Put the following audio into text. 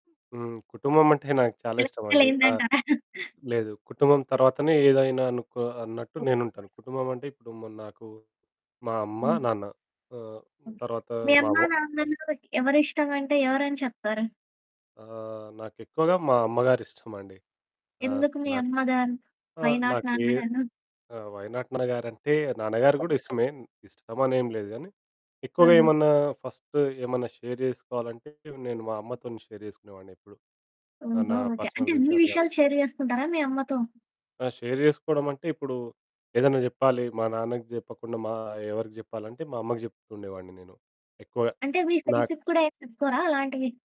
హ్మ్. కుటుంబమంటే నాకు చాలా ఇష్టమండి. ఆ! చెప్పలేందంటారా? లేదు. కుటుంబం తర్వాతనే ఏదైనా అనుకో అన్నట్టు నేనుంటాను. కుటుంబమంటే ఇప్పుడు ము నాకు మా అమ్మ, హ్మ్. నాన్న ఆహ్, ఓకే. తర్వాత మీ మా అమ్మ వ నాన్నలు ఎవరిష్టమంటే ఎవరని చెప్తారు? ఆ! నాకెక్కువగా మా అమ్మగారిష్టమండి. ఆహ్, ఎందుకు మీ నాకు అమ్మగారు? ఆ! వై నాట్ నాకే నాన్న గారు? ఆ! వై నాట్ నాన్న గారంటే, నాన్నగారు కూడా ఇష్టమే. ఇష్టమని ఏం లేదు. కానీ ఎక్కువగా ఆహా! ఏమన్నా ఫస్టు ఏమన్నా షేర్ చేసుకోవాలంటే నేను మా అమ్మతోని షేర్ చేసుకునేవానెప్పుడు. ఆహ్, ఓహో! నా ఓకే. అంటే పర్సనల్ అన్ని విషయాలు గాని విషయాలు షేర్ చేసుకుంటారా మీ అమ్మతో? ఆ! షేర్ చేసుకోవడమంటే, ఇప్పుడూ ఏదైనా జెప్పాలి, మా నాన్నకి జెప్పకుండా మా ఎవరికి జెప్పాలంటే, మా అమ్మకి జెప్తుండేవాన్ని నేను. ఎక్కువగా అంటే మీ నాకు ఫ్రెండ్స్‌కు కూడా ఏం చెప్పుకోరా అలాంటివి?